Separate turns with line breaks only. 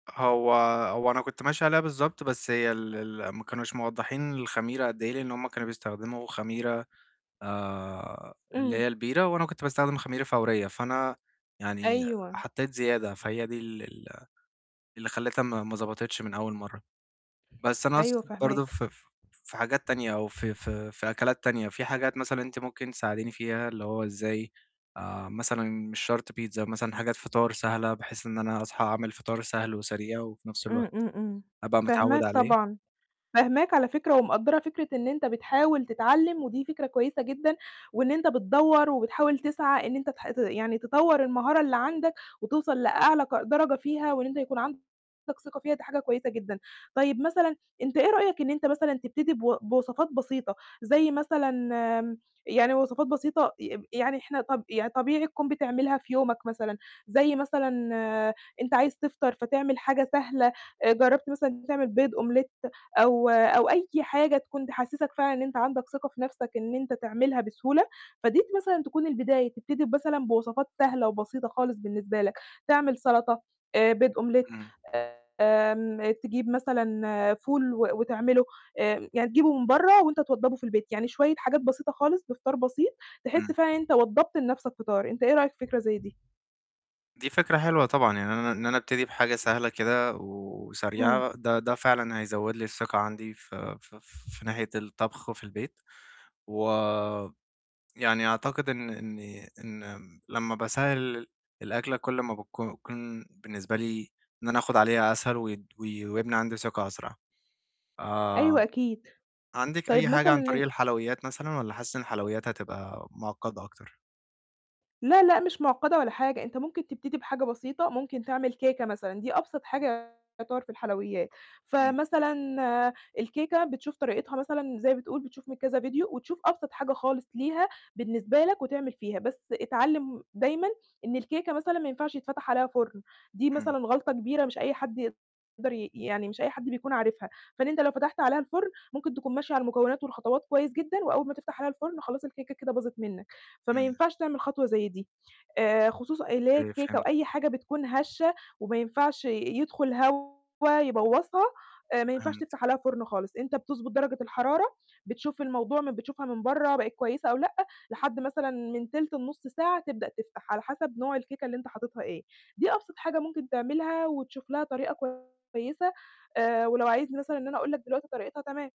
هو هو أنا كنت ماشي عليها بالضبط، بس هي ال ال ما كانوش موضحّين الخميرة قد إيه، لأن هُم كانوا بيستخدموا خميرة، آآ اللي
إمم.
هي البيرة، وأنا كنت باستخدم خميرة فورية، فأنا يعني
أيوه.
حطيت زيادة، فهي دي ال ال اللي خلّتها ما ما ظبطتش من أول مرة. بس أنا
أيوه،
أقصد برضه
فاهماك.
ف ف في حاجات تانية، أو في في في أكلات تانية، في حاجات مثلًا أنتِ ممكن تساعديني فيها، اللي هو إزاي، آآ مثلًا، مش شرط بيتزا مثلًا، حاجات فِطار سهلة، بحيث إن أنا أصحى أعمل فِطار سهل وسريع، وفي نفس الوقت
امم، امم، امم.
أبقى متعود
فاهماك
عليه.
طبعًا. فاهماك على فكرة، ومقدّرة فكرة إن أنت بتحاول تتعلّم، ودي فكرة كويسة جدًا، وإن أنت بتدوّر، وبتحاول تسعى إن أنت تح ت يعني تطوّر المهارة اللي عندك، وتوصل لأعلى ق درجة فيها، وإن أنت يكون عندك ثقة فيها، دي حاجة كويسة جدًا. طيب مثلًا أنت إيه رأيك، إن أنت مثلًا تبتدي بو بوصفات بسيطة، زي مثلًا يعني وصفات بسيطة ي إم يعني إحنا طب يعني طبيعي تكون بتعملها في يومك مثلًا، زي مثلًا أنت عايز تفطر، فتعمل حاجة سهلة. آآ جربت مثلًا إن أنت تعمل بيض omelette أو أو أي حاجة تكون تحسّسّك فعلًا إن أنت عندك ثقة في نفسك، إن أنت تعملها بسهولة، فديّة مثلًا تكون البداية، تبتدي بمثلًا بوصفات سهلة، وبسيطة خالص بالنسبة لك، تعمل سلطة، آآ بيض omelette
إمم.
آمم تجيب مثلًا فول و وتعمله، آآ يعني تجيبه من برّا وأنت توضّبه في البيت، يعني شوية حاجات بسيطة خالص، بفطار بسيط، تحسّ
إمم.
فعلًا أنت وضّبت لنفسك فطار. أنت إيه رأيك في فكرة زي دي؟
دي فكرة حلوة طبعًا، يعني أنا إن أنا أبتدي بحاجة سهلة كده و
إمم.
وسريعة، ده ده فعلًا هيزود لي الثقة عندي ف ف في ناحية الطبخ، وفي البيت. ويعني أعتقد إن إني إن لمّا باسهِّل الأكلة كُلّ ما بتك كون بالنسبة لي، إن أنا آخد عليها أسهل ود وي ويبني عندي ثقة أسرع. آآ
أيوه، أكيد.
عندِك
طيب
أي
مثلًا
حاجة عن طريق
إن
الحلويات مثلًا، والّا حاسّة إن الحلويات هتبقى مُعقدّة أكتر؟
لا، لأ، مش مُعقدّة ولا حاجة، أنت ممكن تبتدي بحاجة بسيطة، ممكن تعمل كيكة مثلًا، دي أبسط حاجة يُعتبرّ في الحلويات.
إمم.
فمثلًا الكيكة بتشوف طريقتها مثلًا، زي ما بتقول بتشوف من كذا فيديو، وتشوف أبسط حاجة خالص ليها بالنسبة لك، وتعمل فيها، بس اتعلم دايمًا إن الكيكة مثلًا ما ينفعش يتفتح عليها فرن، دي
إمم.
مثلًا غلطة كبيرة، مش أي حد يقدر ي يعني مش أي حد بيكون عارفها، فإن أنت لو فتحت عليها الفرن، ممكن تكون ماشي على المكونات، والخطوات كويس جدًا، وأول ما تفتح عليها الفرن خلاص الكيكة كده باظت منك، فما
إمم.
ينفعش تعمل خطوة زي دي. آآ خصوصًا اللي هي
[unintelligible]
الكيكة، أو أي
فهمتِك.
حاجة بتكون هشّة، وما ينفعش ي يدخل هوا يبوظّها، آآ ما ينفعش
فهمتِك.
تفتح عليها فرن خالص، إنت بتظبط درجة الحرارة، بتشوف الموضوع م بتشوفها من برّا بقت كويسة أو لأ، لحد مثلًا من تِلت لنص ساعة تبدأ تفتح، على حسب نوع الكيكة اللي أنت حاططّها إيه، دي أبسط حاجة ممكن تعملها وتشوف لها طريقة كويسة آآ ولو عايزني مثلًا إن أنا أقول لك دلوقتي طريقتها، تمام.